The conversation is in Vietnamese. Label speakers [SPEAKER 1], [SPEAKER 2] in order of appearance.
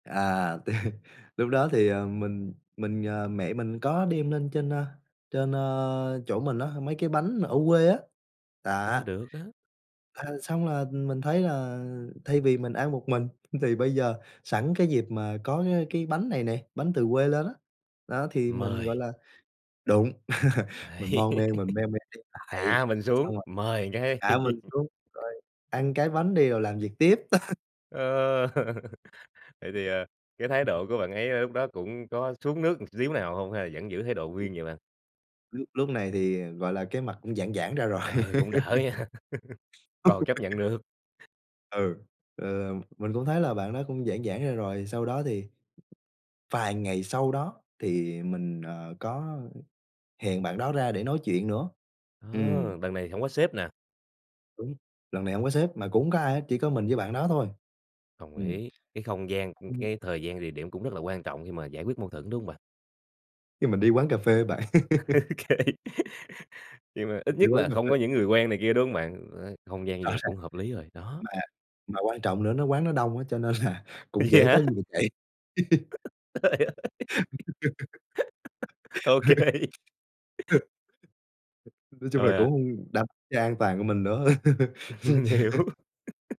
[SPEAKER 1] À, tê lúc đó thì, ờ, mình mình ờ, mẹ mình có đem lên trên, à, trên, à, chỗ mình á, mấy cái bánh ở quê á. Đó.
[SPEAKER 2] Ờ, được á.
[SPEAKER 1] À, xong là mình thấy là thay vì mình ăn một mình thì bây giờ sẵn cái dịp mà có cái cái bánh này này, bánh từ quê lên á. Đó, thì mình, gọi
[SPEAKER 2] Mời.
[SPEAKER 1] là đúng. Mình
[SPEAKER 2] Đấy.
[SPEAKER 1] mon men, mình me me đi lại,
[SPEAKER 2] Hạ mình xuống,
[SPEAKER 1] xong rồi
[SPEAKER 2] mời cái.
[SPEAKER 1] hạ mình xuống rồi: "Ăn cái bánh đi rồi làm việc tiếp."
[SPEAKER 2] Ờ. Vậy thì, à, cái thái độ của bạn ấy, à, lúc đó cũng có xuống nước một xíu nào hông? Hay là vẫn giữ thái độ
[SPEAKER 1] Ừm.
[SPEAKER 2] nguyên vậy bạn?
[SPEAKER 1] Lúc lúc này thì, gọi là, cái mặt cũng giãn giãn ra rồi.
[SPEAKER 2] Ờ, cũng đỡ nha. Còn chấp nhận được.
[SPEAKER 1] Ừ. Ờ, mình cũng thấy là bạn đó cũng giãn giãn ra rồi, sau đó thì vài ngày sau đó thì mình, ờ, có hẹn bạn đó ra để nói chuyện nữa.
[SPEAKER 2] Ờ,
[SPEAKER 1] Ừm.
[SPEAKER 2] đằng này thì hổng có sếp nè.
[SPEAKER 1] Đúng, lần này hổng có sếp mà cũng hông có ai hết, chỉ có mình với bạn đó thôi.
[SPEAKER 2] Đồng
[SPEAKER 1] Ừm.
[SPEAKER 2] ý, cái không gian, ừ,
[SPEAKER 1] Ừm.
[SPEAKER 2] cái thời gian, địa điểm cũng rất là quan trọng khi mà giải quyết mâu thuẫn đúng hông bạn?
[SPEAKER 1] Khi mình đi quán cà phê á bạn.
[SPEAKER 2] Ô kê. Nhưng mà
[SPEAKER 1] Mình
[SPEAKER 2] ít
[SPEAKER 1] đi
[SPEAKER 2] nhất
[SPEAKER 1] quán
[SPEAKER 2] là
[SPEAKER 1] cà
[SPEAKER 2] không
[SPEAKER 1] phê.
[SPEAKER 2] có những người quen này kia, đúng hông bạn? Đấy, không gian như
[SPEAKER 1] Rõ
[SPEAKER 2] vậy
[SPEAKER 1] ràng,
[SPEAKER 2] cũng hợp lý rồi, đó.
[SPEAKER 1] mà mà quan trọng nữa nó quán nó đông á, cho nên là cũng
[SPEAKER 2] Vậy
[SPEAKER 1] dễ
[SPEAKER 2] hả?
[SPEAKER 1] có gì mình chạy.
[SPEAKER 2] Trời ơi! Ô kê
[SPEAKER 1] Ừ. [unintelligible] Nói chung là
[SPEAKER 2] Òa!
[SPEAKER 1] cũng đập ra an toàn của mình nữa. Chưa
[SPEAKER 2] Mình
[SPEAKER 1] nhẹ
[SPEAKER 2] hiểu.
[SPEAKER 1] hơn.